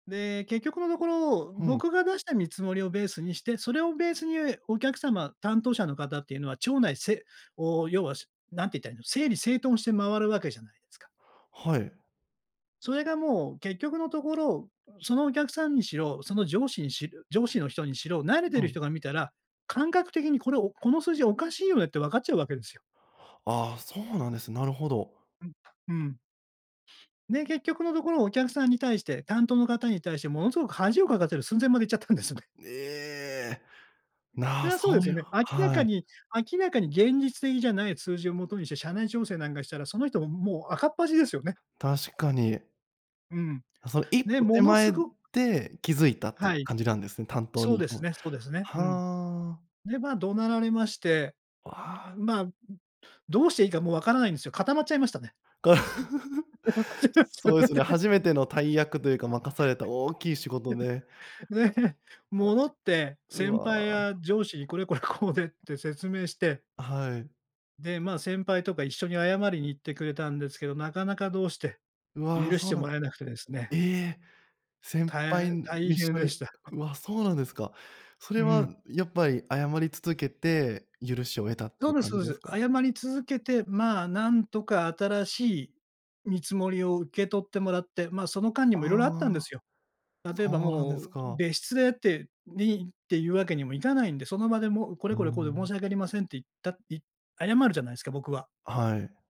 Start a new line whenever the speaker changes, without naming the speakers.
で、結局のところ、
ふん。
僕が出した見積もりをベースにして、それをベースにお客様、担当者の方っていうのは、ちょうないせおう、要はすなんていったらいいの、整理整頓して回るわけじゃないですか。
はい。
それがもう、結局のところ、そのお客さんにしろ、その上司にし上司の人にしろ、慣れて
う
る
ん。
人が見たら、感覚的にこれおこの数字おかしいよねって、わかっちゃうわけですよ。
ああ、そうなんです、なるほど。
うん、うん。で、結局のところ、お客さんに対して、担当の方に対してものすごく恥をかかせる寸前まで行っちゃったんですね。
ええ、
そ
な、
れはそうで
そ
す
うい
よ
う
ね。明ら
は
か
い。
に明らかに現実的じゃない数字をもとにして、社内調整なんかしたら、その人ももう赤っ恥ですよね。
確かに。
うん。
その一
で、
歩手
ものす
前
ご
で気づいたってい
は
う
い。
感じなんですね、担当
そう
に行
で
く
す
も
ねそうですね。うん。
はあ。
で、ま、怒鳴られまして。うう
ああ。
んん、まあ、う、どうしていいかもうわからないんですよ。固まっちゃいましたね。間違っちゃっ
そうですね。
て。
初めての大役というか、任された大きい仕事で。
で、
ま
戻
じ
って
う
先輩
わ。
や上司に、これこれこうでって説明して。
あ、はい。
で、ま、先輩とか一緒に謝りに行ってくれたんですけど、なかなかどうして、
うわ、
許し
そう
て
な
も
んで
らえなくてです
え
ね。
え、先
た
輩、
い
ん、
大
一
変
緒
で
に
した。
わ、そうなんですか。それ
う
は
ん。
やっぱり謝り続けて許しを得たってい
そ
う
うです
感
そ
じ
う
で
で
す
す。
か？
謝り続けて、まあ、なんとか新しい見積もりを受け取ってもらって、ま、その間にも色々あったんで
ああ。
すよ。例えば、
そうなんで
も
す
う
か。
別室でってにっていうわけにもいかないんで、その場でもうこ
う
れこ
ー
れこうで申
ん。
し訳ありませんって言った、いっ謝るじゃないですか、僕は。
はい。